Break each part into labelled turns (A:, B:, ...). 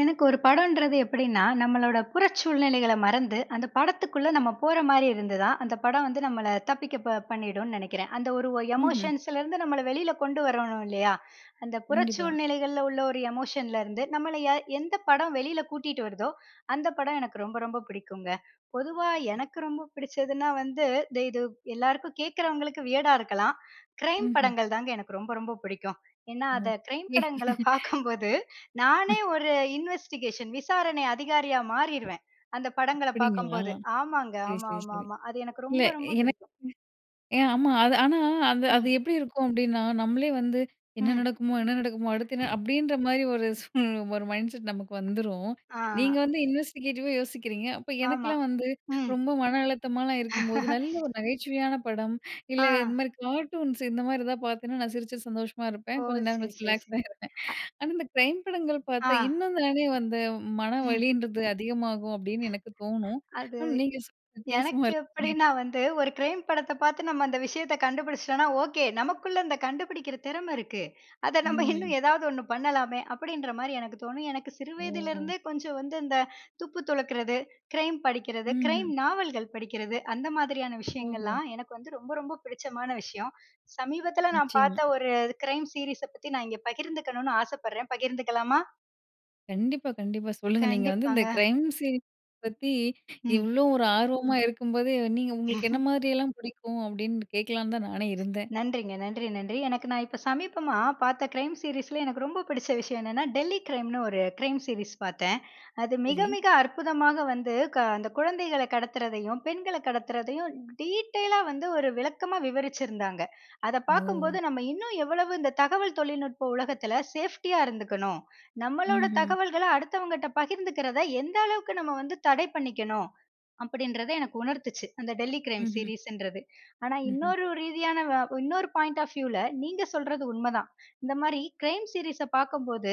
A: எனக்கு ஒரு படம்ன்றது எப்படின்னா, நம்மளோட புறச்சூழ்நிலைகளை மறந்து அந்த படத்துக்குள்ள நம்ம போற மாதிரி இருந்து தான் அந்த படம் வந்து நம்மள தப்பிக்க பண்ணிடும்னு நனைக்கிறேன். அந்த ஒரு
B: ம்ஹ்ம்.
A: எமோஷன்ஸலருந்து நம்மள வெளியில கொண்டு வரணும் இல்லயா, அந்த
B: கண்டிப்பா.
A: புறச்சூழ்நிலைகள்ல உள்ள ஒரு எமோஷன்லருந்து நம்மள யார் எந்த படம் வெளியில கூட்டிகிட்டு வருதோ, அந்த படம் எனக்கு ரொம்ப, ரொம்ப பிடிக்குங்க. பொதுவா எனக்கு ரொம்ப பிடிச்சதுனா வந்து இது எல்லாருக்கும் கேட்கிறவங்களுக்கு வியர்டா இருக்கலாம். கிரைம்
B: ம்ஹ்ம்.
A: படங்கள் தாங்க எனக்கு ரொம்ப, ரொம்ப பிடிக்கும். ஏன்னா, அத
B: ஓ.
A: கிரைம் படங்கள்ல பாக்கும்போது நானே
B: ம்.
A: ஒரு இன்வெஸ்டிகேஷன் விசாரணை அதிகாரியா மாறிடுவேன். அந்த படங்கள்ல
B: அப்படிங்களா.
A: பாக்கும்போது, ஆமாங்க.
B: சரி,
A: ஆமா,
B: சரி,
A: ஆமா,
B: சரி
A: ஆமா. அது எனக்கு
B: இல்ல.
A: ரொம்ப, ரொம்ப
B: எனக்கு
A: பிடிக்கும்.
B: ஏன் ஆமா அது ஆனா அது அது
A: ம்.
B: எப்படி இருக்கும் அப்டீன்னா நம்மளே வந்து என்ன
A: ம்.
B: நடக்குமோ? என்ன நடக்குமோ? அடுத்து என்ன? அப்படின்ற மாதிரி ஒரு ஒரு மைண்ட்செட் நமக்கு வந்துடும். நீங்க
A: ஆ.
B: வந்து இன்வெஸ்டிகேட்டிவா யோசிக்கிறீங்க. அப்ப
A: ஆமா.
B: எனக்கெலாம் வந்து
A: ம்.
B: ரொம்ப மன அழுத்தமாகலாம் இருக்கும்போது நல்ல ஒரு நகைச்சுவையான படம் இல்ல, இந்த
A: ஆ.
B: மாதிரி கார்ட்டூன்ஸ் இந்த மாதிரி ஏதாவது பாத்தேன்னா நான் சிரிச்சுட்டு சந்தோஷமா இருப்பேன்.
A: ஓ!
B: கொஞ்சம் நேரம்
A: சரி,
B: கழிச்சு
A: சரி,
B: ரிலாக்ஸ்
A: சரி.
B: ஆகிடுவேன்.
A: அ.
B: ஆனா, இந்த கிரைம் படங்கள்
A: ஆ.
B: பாத்தா இன்னும் தானே வந்து
A: ம்.
B: மனவலிங்குறது அதிகமாகும். அப்படின்னு எனக்கு தோன்னும்.
A: அது,
B: ஆனா, நீங்க வித்தியாசமா
A: எனக்கு
B: இருக்கிறீங்க.
A: எப்டீன்னா, வந்து ஒரு கிரைம் படத்தை பாத்து நம்ம அந்த விஷயத்த கண்டுபிடிச்சிட்டோம்னா, ஓகே. நமக்குள்ள அந்த கண்டுபிடிக்கிற திறமை இருக்கு. அத நம்ம இன்னும்
B: ம்.
A: ஏதாவது ஒண்ணு பண்ணலாமே, அப்படின்ற மாரி எனக்கு தோணும். எனக்கு சிறு
B: ஓ.
A: வயதிலேருந்தே கொஞ்சம் வந்து இந்த துப்பு துலக்குறது, க்ரைம் படிக்கிறது, க்ரைம்
B: ம்ஹ்ம்.
A: நாவல்கள் படிக்கிறது அந்த மாதிரியான
B: ஓஹோ!
A: விஷயங்கள்லாம் எனக்கு வந்து ரொம்ப, ரொம்ப பிடிச்சமான விஷயம். சமீபத்தில நான்
B: நிச்சயமா.
A: பார்த்த ஒரு க்ரைம் சீரிஸை பத்தி நான் இங்க பகிர்ந்துக்கணும்னு ஆசைப்படுறேன், பகிர்ந்துக்கலாமா?
B: கண்டிப்பா, கண்டிப்பா சொல்லுங்க. நீங்க வந்து இந்த
A: கண்டிப்பாங்க.
B: கிரைம் சீன்ஸ் பத்தி
A: ம்.
B: இவ்ளோ ஒரு ஆர்வமா இருக்கும் போது, நீங்க உங்களுக்கு என்ன மாதிரி எல்லாம் பிடிக்கும்? அப்படின்னு கேட்கலாம்னு தான் நானே இருந்தேன்.
A: நன்றிங்க. நன்றி, நன்றி எனக்கு நான் இப்போ சமீபமா பாத்த கிரைம் சீரிஸில் எனக்கு ரொம்ப பிடிச்ச விஷயம் என்னென்னா, "டெல்லி கிரைம்"னு ஒரு கிரைம் சீரிஸ் பாத்தேன். அது மிக,
B: சரி.
A: மிக அற்புதமா வந்து அந்த கொழந்தகள கடத்துவதையும், பெண்கள கடத்துறதையும் டீட்டெய்லா வந்து ஒரு விளக்கமா விவரிச்சிருந்தாங்க. அத பாக்கும்போது
B: ஓ!
A: நம்ம இன்னும் எவ்வளவு இந்த தகவல் தொழில்நுட்ப உலகத்தில சேஃப்டியா இருந்துக்கணும். நம்மளோட
B: ம்ஹ்ம்.
A: தகவல்கள்ல அடுத்தவங்ககிட்ட பகிர்ந்துக்கிறத எந்த அளவுக்கு நம்ம வந்து தடை பண்ணிக்கணும். அப்படின்றத எனக்கு உணர்த்து அந்த டெல்லி கிரைம்
B: ம்ஹ்ம்.
A: சீரிஸ்ன்றது. ஆனா,
B: ம்ஹ்ம்.
A: இன்னொரு ரீதியான இன்னொரு பாயிண்ட் ஆஃப் வியூல நீங்க சொல்வது உண்மைதான். இந்த மாரி கிரைம் சீரிஸ்ஸ பாக்கும்போது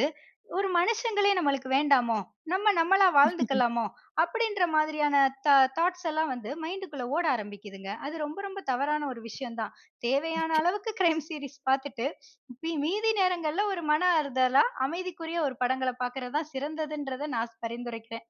A: ஒரு மனிதர்களே நமக்கு வேண்டாமோ, நம்ப நம்பளா வாழ்ந்துக்கொள்ளலாமோ அப்படின்ற மாதிரியான தா தாட்ஸ் எல்லாம் வந்து மைண்ட்க்குள ஓட ஆரமிக்குதுங்க. அது ரொம்ப, ரொம்ப தவறான ஒரு விஷயம் தான். தேவையான
B: நிச்ச,
A: அளவிற்கு கிரைம் சீரிஸ் பாத்துட்டு மீதி நேரங்கள்ல ஒரு மன ஆறுதலா அமைதிக்குரிய ஒரு படங்கள்ல பாக்குறது தான் சிறந்ததுங்குறது நான் பரிந்துரைக்கிறேன்.